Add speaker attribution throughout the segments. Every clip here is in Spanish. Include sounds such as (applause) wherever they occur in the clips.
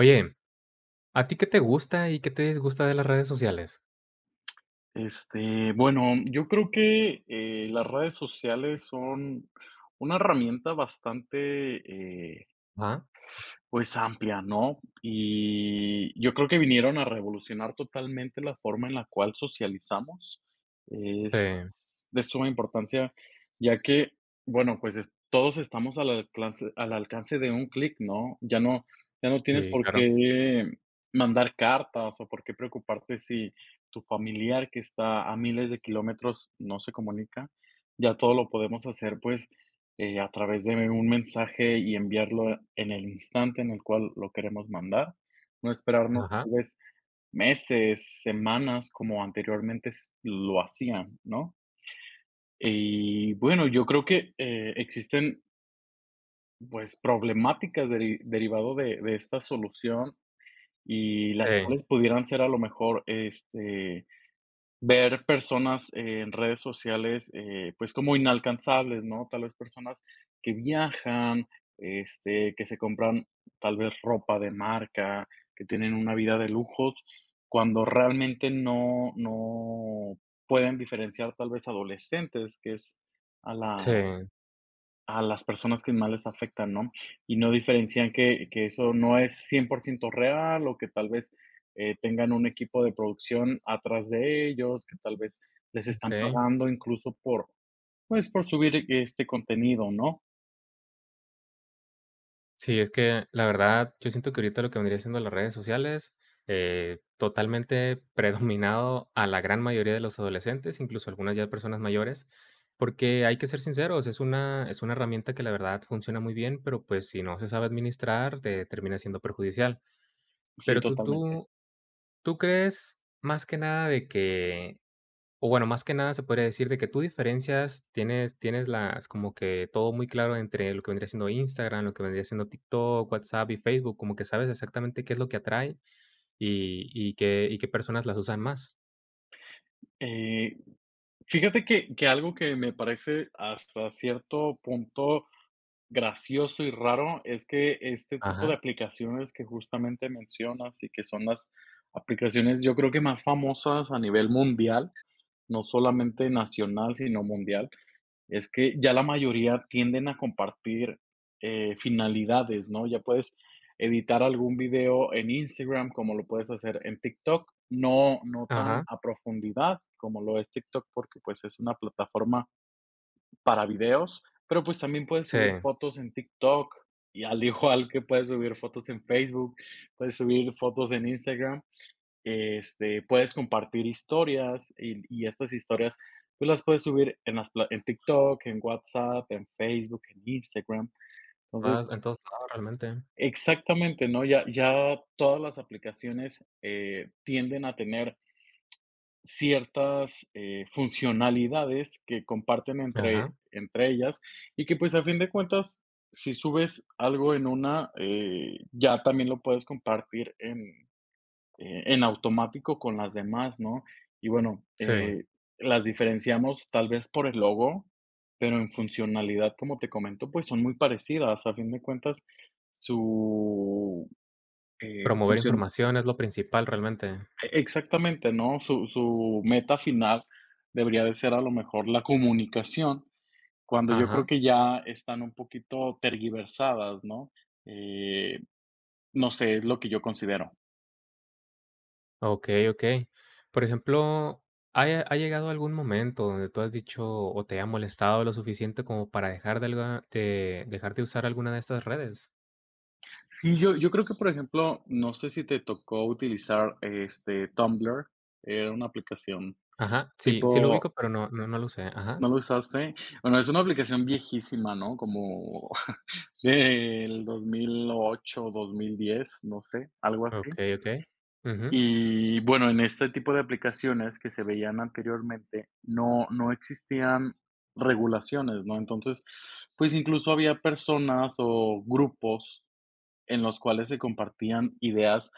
Speaker 1: Oye, ¿a ti qué te gusta, y qué te disgusta de las redes sociales?
Speaker 2: Este, bueno, mm, yo creo que, eh, las redes sociales son una herramienta bastante, eh
Speaker 1: Ajá.
Speaker 2: pues, amplia, ¿no? Y yo creo que vinieron a revolucionar totalmente la forma en la cual socializamos.
Speaker 1: Sí.
Speaker 2: Es de suma importancia, ya que, bueno, pues es todos estamos al alclance al alcance de un clic, ¿no? Ya no ya no tienes
Speaker 1: Sí,
Speaker 2: por
Speaker 1: claro.
Speaker 2: qué mandar cartas, o, por qué preocuparte si tu familiar, que está a miles de kilómetros, no se comunica. Ya todo lo podemos hacer, pues, eh, a través de un mensaje, y enviarlo en el instante en el cual lo queremos mandar, no esperarnos
Speaker 1: Ajá.
Speaker 2: tal vez meses, semanas, como anteriormente s lo hacían, ¿no? Y bueno, yo creo que, eh, existen pues, problemáticas deri derivado de de esta solución, y las
Speaker 1: Sí.
Speaker 2: cuales pudieran ser, a lo mejor, este, ver personas en redes sociales, eh, pues, como inalcanzables, ¿no? Tal vez personas que viajan, este, que se compran tal vez ropa de marca, que tienen una vida de lujos, cuando realmente no no pueden diferenciar tal vez adolescentes, que es a la
Speaker 1: Sí.
Speaker 2: a las personas que más les afectan, ¿no? Y no diferencian que que eso no es 100% real, o que tal vez, eh, tengan un equipo de producción atrás de ellos, que tal vez les están
Speaker 1: Okey.
Speaker 2: pagando, incluso por, pues, por subir este contenido, ¿no?
Speaker 1: Sí, es que, la verdad, yo siento que ahorita lo que vendría siendo las redes sociales, eh, totalmente predominado a la gran mayoría de los adolescentes, incluso, algunas ya personas mayores. Porque hay que ser sinceros, es una es una herramienta que, la verdad, funciona muy bien, pero, pues, si no se sabe administrar, te termina siendo perjudicial.
Speaker 2: Sí,
Speaker 1: Pero, tú
Speaker 2: totalmente.
Speaker 1: tú tú crees, más que nada, de que o, bueno, más que nada se podría decir, de que tú diferencias tienes tienes las como que todo muy claro entre lo que vendría siendo Instagram, lo que vendría siendo TikTok, WhatsApp y Facebook, como que sabes exactamente qué es lo que atrae, y y qué y qué personas las usan más.
Speaker 2: Eh, fíjate que que algo que me parece, hasta cierto punto, gracioso y raro, es que este tipo de
Speaker 1: Ajá.
Speaker 2: aplicaciones que justamente mencionas, y que son las aplicaciones, yo creo que más famosas a nivel mundial, no solamente nacional, sino mundial, es que ya la mayoría tienden a compartir, eh, finalidades, ¿no? Ya puedes editar algún video en Instagram, como lo puedes hacer en TikTok. No no tan
Speaker 1: Ajá.
Speaker 2: a profundidad como lo es TikTok, porque, pues, es una plataforma para videos. Pero, pues, también puedes subir
Speaker 1: Sí.
Speaker 2: fotos en TikTok, y al igual que puedes subir fotos en Facebook, puedes subir fotos en Instagram, este, puedes compartir historias. Y l y estas historias tú las puedes subir en las pla en TikTok, en WhatsApp, en Facebook, en Instagram,
Speaker 1: Mas,
Speaker 2: entonces
Speaker 1: entonces (unintelligible) realmente.
Speaker 2: Exactamente, ¿no? Ya ya todas las aplicaciones, eh, tienden a tener Ciertas, eh, funcionalidades que comparten entre
Speaker 1: Ajá.
Speaker 2: entre ellas, y que, pues, a fin de cuentas, si subes algo en una, eh, ya también lo puedes compartir en, eh, en automático con las demás, ¿no? Y, bueno,
Speaker 1: Sí.
Speaker 2: eh, las diferenciamos tal vez por el logo, pero, en funcionalidad, como te comento, pues, son muy parecidas. A fin de cuentas, su, eh,
Speaker 1: Promover
Speaker 2: función.
Speaker 1: información es lo principal realmente.
Speaker 2: E exactamente, ¿no? Su su meta final debería de ser a lo mejor la comunicación, cuando yo creo
Speaker 1: Ajá.
Speaker 2: que ya están un poquito tergiversadas, ¿no? Eh, no sé, es lo que yo considero.
Speaker 1: Ah, okey, okey. Por ejemplo, ¿ha ya ha llegado a algún momento donde tú has dicho, o, te ha molestado lo suficiente como para dejar de algo te de dejar de usar alguna de estas redes?
Speaker 2: Sí, yo yo creo que, por ejemplo, no sé si te tocó utilizar, este, Tumblr, era una aplicación
Speaker 1: Ajá, sí, sí lo
Speaker 2: tipo
Speaker 1: ubico, pero no, no lo usé Ajá.
Speaker 2: ¿no lo usaste? Bueno, es una aplicación viejísima, ¿no? Como (chuckles) del 2008, 2010, no sé, algo así.
Speaker 1: Okey, okey. Ujú.
Speaker 2: Y bueno, en este tipo de aplicaciones que se veían anteriormente, no no existían regulaciones, ¿no? Entonces, pues, incluso, había personas o grupos en los cuales se compartían ideas,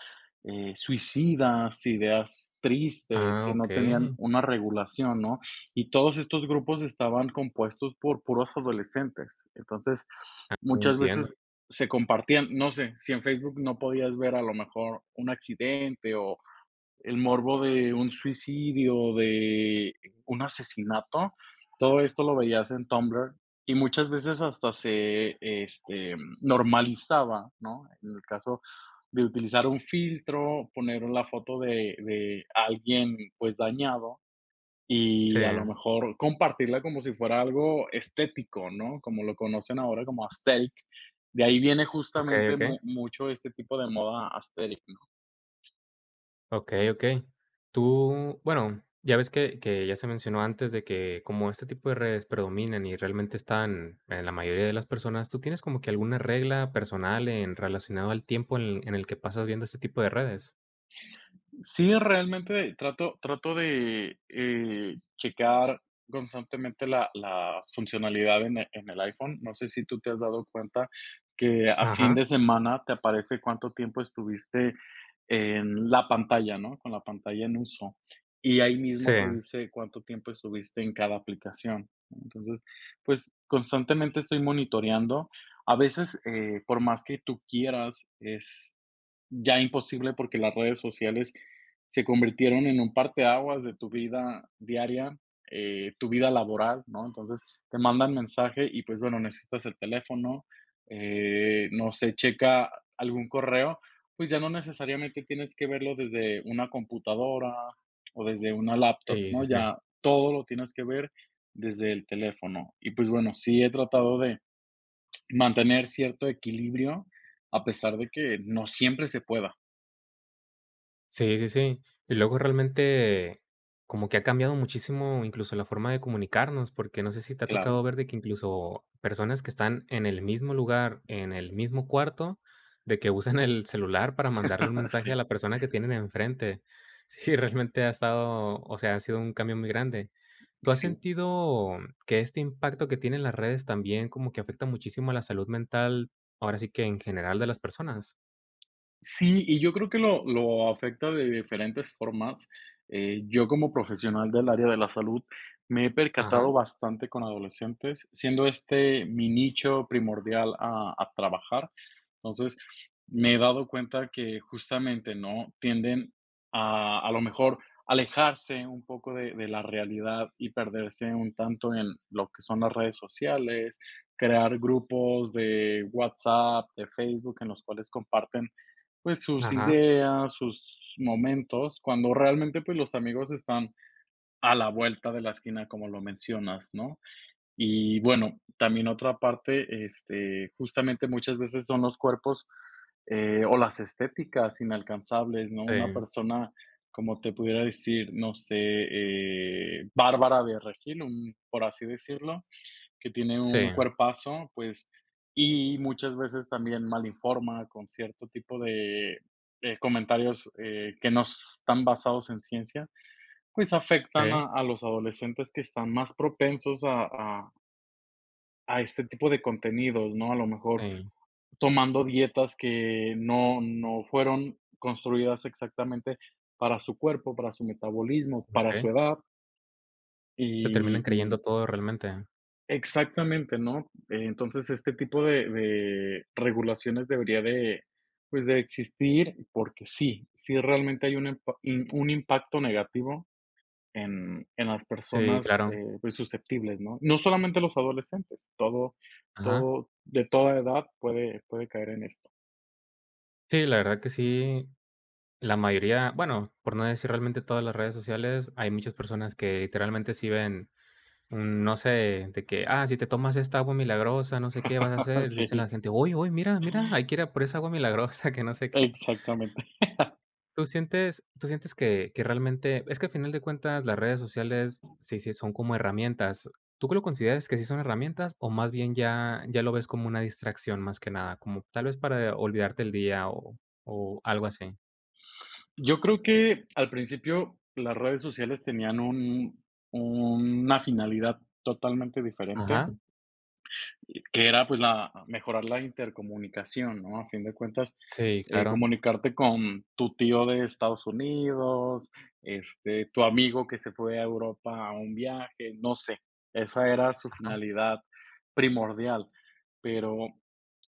Speaker 2: eh, suicidas, ideas tristes,
Speaker 1: Ah,
Speaker 2: que no tenían
Speaker 1: okey.
Speaker 2: una regulación, ¿no? Y todos estos grupos estaban compuestos por puros adolescentes. Entonces,
Speaker 1: Ah,
Speaker 2: muchas
Speaker 1: entiendo.
Speaker 2: veces se compartían, no sé, si en Facebook no podías ver a lo mejor un accidente o el morbo de un suicidio, de, eh, un asesinato. Todo esto lo veías en Tumblr, y muchas veces hasta se este, mm, normalizaba, ¿no? En el caso de utilizar un filtro, poner la foto de de alguien, pues, dañado.
Speaker 1: Sí.
Speaker 2: Y a lo mejor compartirla como si fuera algo estético, ¿no? Como lo conocen ahora como aesthetic. De ahí viene
Speaker 1: Okey,
Speaker 2: justamente mu
Speaker 1: okey.
Speaker 2: mucho este tipo de moda aesthetic.
Speaker 1: Okey, okey. Tú, bueno, ya ves que que ya se mencionó antes, de que como este tipo de redes predominan, y realmente están en la mayoría de las personas, ¿tú tienes como que alguna regla personal en relacionado al tiempo en el en el que pasas viendo este tipo de redes?
Speaker 2: Sí, realmente trato trato de, eh, checar constantemente la la funcionalidad en el en el iPhone. No sé si tú te has dado cuenta que a fin
Speaker 1: Ajá.
Speaker 2: de semana te aparece cuánto tiempo estuviste en la pantalla, ¿no? Con la pantalla en uso. Y ahí mismo te
Speaker 1: Sí.
Speaker 2: dice cuánto tiempo estuviste en cada aplicación. Entonces, pues, constantemente estoy monitoreando. A veces, eh, por más que tú quieras, es ya imposible, porque las redes sociales se convirtieron en un parteaguas de tu vida diaria, eh, tu vida laboral, ¿no? Entonces, te mandan mensaje y, pues, bueno, necesitas el teléfono, eh, no sé, checa algún correo, pues, ya no necesariamente tienes que verlo desde una computadora o desde una laptop,
Speaker 1: Sí,
Speaker 2: ¿no?
Speaker 1: sí, sí.
Speaker 2: Ya todo lo tienes que ver desde el teléfono. Y, pues bueno, sí he tratado de mantener cierto equilibrio, a pesar de que no siempre se pueda.
Speaker 1: Sí, sí, sí. Y luego, realmente, como que ha cambiado muchísimo, incluso, la forma de comunicarnos, porque no sé si te ha tocado
Speaker 2: Claro.
Speaker 1: ver de que, incluso, personas que están en el mismo lugar, en el mismo cuarto, de que usan (chuckles) el celular para mandarle un
Speaker 2: (laughs)
Speaker 1: mensaje
Speaker 2: Sí.
Speaker 1: a la persona que tienen enfrente. Sí, realmente ha estado o sea, ha sido un cambio muy grande.
Speaker 2: Y
Speaker 1: ¿Tú has
Speaker 2: sí.
Speaker 1: sentido, mm, que este impacto que tienen las redes, también, como que afecta muchísimo a la salud mental, ahora sí que en general de las personas?
Speaker 2: Sí, y yo creo que lo lo afecta de diferentes formas. Eh, yo, como profesional del área de la salud, me he percatado
Speaker 1: Ajá.
Speaker 2: bastante con adolescentes, siendo este mi nicho primordial a a trabajar. Entonces, me he dado cuenta que justamente, ¿no?, tienden a a lo mejor, a alejarse un poco de de la realidad, y perderse un tanto en lo que son las redes sociales. Crear grupos de WhatsApp, de Facebook, en los cuales comparten, pues, sus
Speaker 1: Ajá.
Speaker 2: ideas, sus momentos, cuando realmente, pues, los amigos están a la vuelta de la esquina, como lo mencionas, ¿no? Y bueno, también otra parte, este, justamente, muchas veces son los cuerpos, eh, o las estéticas inalcanzables, ¿no? Una
Speaker 1: Em.
Speaker 2: persona, como te pudiera decir, no sé, eh, Bárbara de Regil, un por así decirlo, que tiene un
Speaker 1: Sí.
Speaker 2: cuerpazo, pues, y muchas veces también mal informa con cierto tipo de de comentarios, eh, que no s están basados en ciencia, pues, afectan
Speaker 1: Sí.
Speaker 2: a a los adolescentes que están más propensos a a a este tipo de contenidos, ¿no? A lo mejor
Speaker 1: Ey.
Speaker 2: tomando dietas que no no fueron construidas exactamente para su cuerpo, para su metabolismo, para su
Speaker 1: Okey.
Speaker 2: edad.
Speaker 1: ¿Se terminan
Speaker 2: Y
Speaker 1: creyendo
Speaker 2: y.
Speaker 1: todo realmente?
Speaker 2: Exactamente, ¿no? Entonces, este tipo de de regulaciones debería de, pues, de existir, porque sí, sí realmente hay un empa im un impacto negativo en en las
Speaker 1: Sí,
Speaker 2: personas,
Speaker 1: claro.
Speaker 2: eh, pues, susceptibles, ¿no? No solamente los adolescentes, todo
Speaker 1: Ajá.
Speaker 2: todo de toda edad puede puede caer en esto.
Speaker 1: Sí, la verdad que sí. La mayoría, bueno, por no decir realmente todas las redes sociales, hay muchas personas que, literalmente, sí ven, mm, no sé, de que, ah, si te tomas esta agua milagrosa, no sé qué vas a hacer, dicen la
Speaker 2: Sí.
Speaker 1: gente, ¡oy, oy! Mira, mira, hay que ir a por esa agua milagrosa que no sé qué.
Speaker 2: Exactamente (chuckles)
Speaker 1: Tú sientes tú sientes que que realmente es que al final de cuentas, las redes sociales sí, sí son como herramientas, ¿tú que lo consideras que sí son herramientas? o más bien ya ya lo ves como una distracción más que nada, como tal vez para olvidarte del día o o algo así.
Speaker 2: Yo creo que, al principio, las redes sociales tenían un una finalidad totalmente diferente.
Speaker 1: Ajá.
Speaker 2: Y que era, pues, la mejorar la intercomunicación, ¿no?, a fin de cuentas,
Speaker 1: Sí,
Speaker 2: eh,
Speaker 1: claro.
Speaker 2: comunicarte con tu tío de Estados Unidos, este, tu amigo que se fue a Europa a un viaje, no sé, esa era su
Speaker 1: Ajá.
Speaker 2: finalidad primordial. Pero,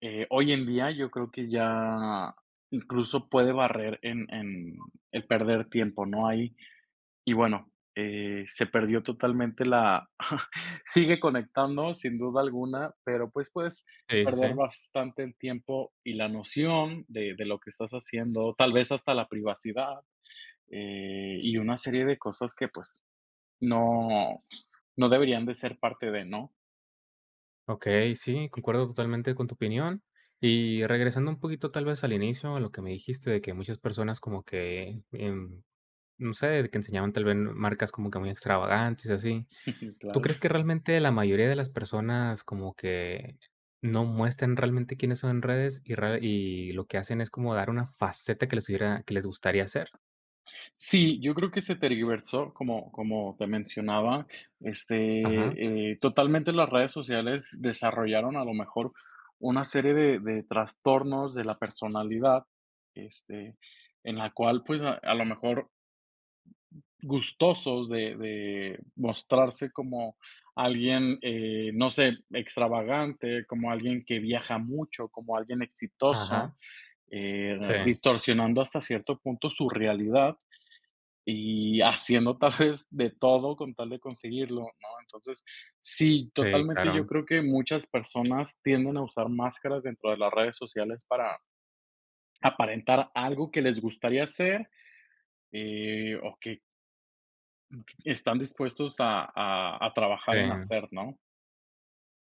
Speaker 2: eh, hoy en día, yo creo que ya incluso puede barrer en en el perder tiempo, ¿no?, ahí. Y bueno, eh, se perdió totalmente la (chuckles) sigue conectando, sin duda alguna, pero, pues, puedes
Speaker 1: Sí, sí,
Speaker 2: perder
Speaker 1: sí.
Speaker 2: bastante el tiempo y la noción de de lo que estás haciendo, tal vez hasta la privacidad, eh, y una serie de cosas que, pues, no no deberían de ser parte de, ¿no?
Speaker 1: Okey, sí, concuerdo totalmente con tu opinión. Y regresando un poquito, tal vez, al inicio, a lo que me dijiste, de que muchas personas como que, em, no sé, que enseñaban tal vez marcas como que muy extravagantes, y así.
Speaker 2: (chuckles)
Speaker 1: ¿Tú
Speaker 2: Claro.
Speaker 1: crees que realmente la mayoría de las personas como que no muestran realmente quiénes son en redes, y rede y lo que hacen es como dar una faceta que les hubiera que les gustaría ser?
Speaker 2: Sí, yo creo que se tergiversó, como como te mencionaba,
Speaker 1: Ajá.
Speaker 2: este, eh, totalmente las redes sociales desarrollaron, a lo mejor, una serie de de trastornos de la personalidad, este, en la cual, pues, a a lo mejor gustosos de de mostrarse como alguien, eh, no sé, extravagante, como alguien que viaja mucho, como alguien exitoso,
Speaker 1: Ajá.
Speaker 2: eh,
Speaker 1: Sí.
Speaker 2: distorsionando hasta cierto punto su realidad. Y haciendo, (chuckles) tal vez, de todo con tal de conseguirlo, ¿no? Entonces, sí,
Speaker 1: Sí,
Speaker 2: totalmente yo
Speaker 1: claro.
Speaker 2: creo que muchas personas tienden a usar máscaras dentro de las redes sociales para aparentar algo que les gustaría ser. Eh, o, que (unintelligible) Están dispuestos a a a trabajar en
Speaker 1: Sí.
Speaker 2: hacer, ¿no?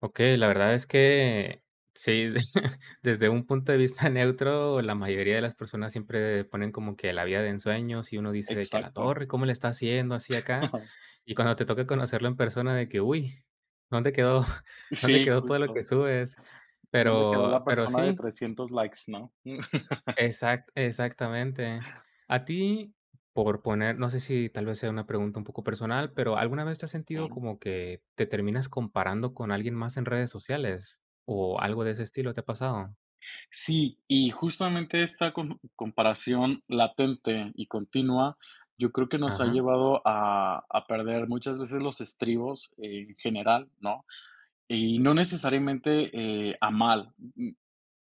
Speaker 1: Okey, la verdad es que sí, (chuckles) desde un punto de vista neutro, la mayoría de las personas siempre ponen como que la vida de ensueños y uno dice de que a la
Speaker 2: Exacto.
Speaker 1: torre, ¿cómo le está haciendo así acá?
Speaker 2: (chuckles)
Speaker 1: Y cuando te toca conocerlo en persona, de que, uy, ¿dónde quedó dónde
Speaker 2: Sí,
Speaker 1: quedó todo lo que
Speaker 2: justo,
Speaker 1: subes?
Speaker 2: ¿dónde quedó la
Speaker 1: Pero pero
Speaker 2: persona de
Speaker 1: sí.
Speaker 2: 300 likes, no? (chuckles)
Speaker 1: Exac exactamente. A ti, por poner no sé si tal vez sea una pregunta un poco personal, pero ¿alguna vez te has sentido
Speaker 2: Claro.
Speaker 1: como que te terminas comparando con alguien más en redes sociales o algo de ese estilo te ha pasado?
Speaker 2: Sí, y justamente esta com comparación latente y continua, yo creo que nos ha
Speaker 1: Ajá.
Speaker 2: llevado a a perder muchas veces los estribos en general, ¿no? Y no necesariamente, eh, a mal. Mm,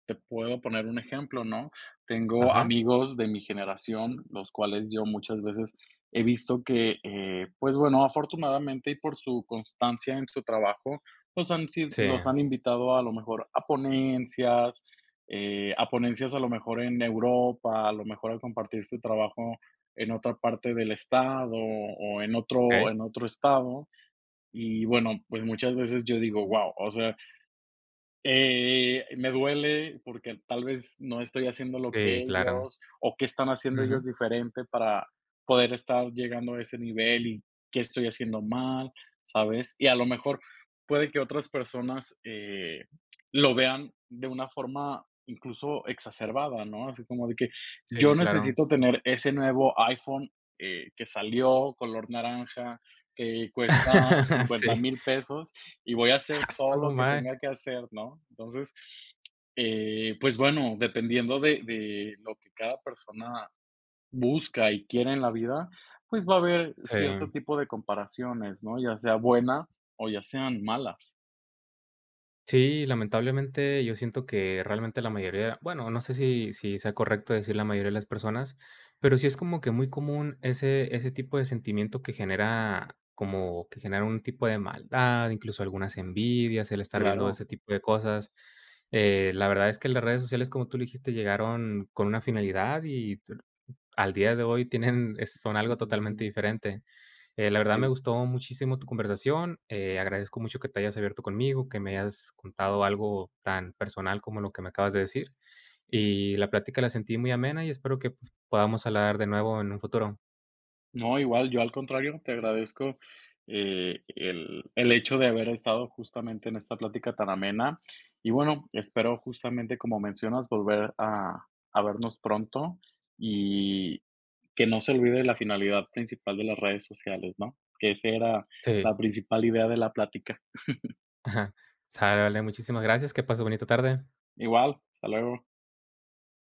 Speaker 2: te puedo poner un ejemplo, ¿no? Tengo
Speaker 1: Ajá.
Speaker 2: amigos de mi generación, los cuales yo muchas veces he visto que, eh, pues bueno, afortunadamente y por su constancia en su trabajo, los han sí
Speaker 1: Sí.
Speaker 2: los han invitado, a lo mejor, a ponencias, eh, a ponencias a lo mejor en Europa, a lo mejor a compartir su trabajo en otra parte del estado, o en otro
Speaker 1: Okey.
Speaker 2: en otro estado. Y bueno, pues, muchas veces yo digo, guau, o sea, eh, me duele porque al tal vez no estoy haciendo lo que
Speaker 1: Sí, claro.
Speaker 2: ellos, o, ¿qué están haciendo
Speaker 1: Ujú.
Speaker 2: ellos diferente para poder estar llegando a ese nivel? Y, ¿qué estoy haciendo mal? ¿Sabes? Y a lo mejor, puede que otras personas, eh, lo vean de una forma, incluso, exacerbada, ¿no? Así como de que:
Speaker 1: Sí,
Speaker 2: "Yo
Speaker 1: claro.
Speaker 2: necesito tener ese nuevo iPhone, eh, que salió color naranja, que cuesta
Speaker 1: (laughs)
Speaker 2: cincuenta
Speaker 1: Sí.
Speaker 2: mil pesos. Y voy a
Speaker 1: ¡Ah,
Speaker 2: hacer todo
Speaker 1: su
Speaker 2: lo que
Speaker 1: madre!
Speaker 2: tenga que hacer", ¿no? Entonces, eh, pues bueno, dependiendo de de lo que cada persona busca y quiere en la vida, pues va a haber cierto
Speaker 1: Sí.
Speaker 2: tipo de comparaciones, ¿no? Ya sea buenas o ya sean malas.
Speaker 1: Sí, lamentablemente, yo siento que realmente la mayoría bueno, no sé, si si sea correcto decir la mayoría de las personas, pero sí es como que muy común ese ese tipo de sentimiento que genera como que genera un tipo de maldad, incluso, algunas envidias, el estar viendo
Speaker 2: Claro.
Speaker 1: ese tipo de cosas. Eh, la verdad es que las redes sociales, como tú lo dijiste, llegaron con una finalidad, y t al día de hoy tienen es son algo totalmente
Speaker 2: (unintelligible)
Speaker 1: diferente. Eh, la verdad, me
Speaker 2: En
Speaker 1: gustó muchísimo tu conversación, eh, agradezco mucho que te hayas abierto conmigo, que me hayas contado algo tan personal como lo que me acabas de decir. Y la plática la sentí muy amena, y espero que, pues, podamos hablar de nuevo en un futuro.
Speaker 2: No, igual. Yo, al contrario, te agradezco, eh, el el hecho de haber estado justamente en esta plática tan amena. Y bueno, espero, justamente como mencionas, volver a a vernos pronto, y que no se olvide la finalidad principal de las redes sociales, ¿no? Que ese era
Speaker 1: Si.
Speaker 2: la principal idea de la plática. (chuckles)
Speaker 1: ¡Ajá! sale, muchísimas gracias, que pases bonita tarde.
Speaker 2: Igual, hasta luego.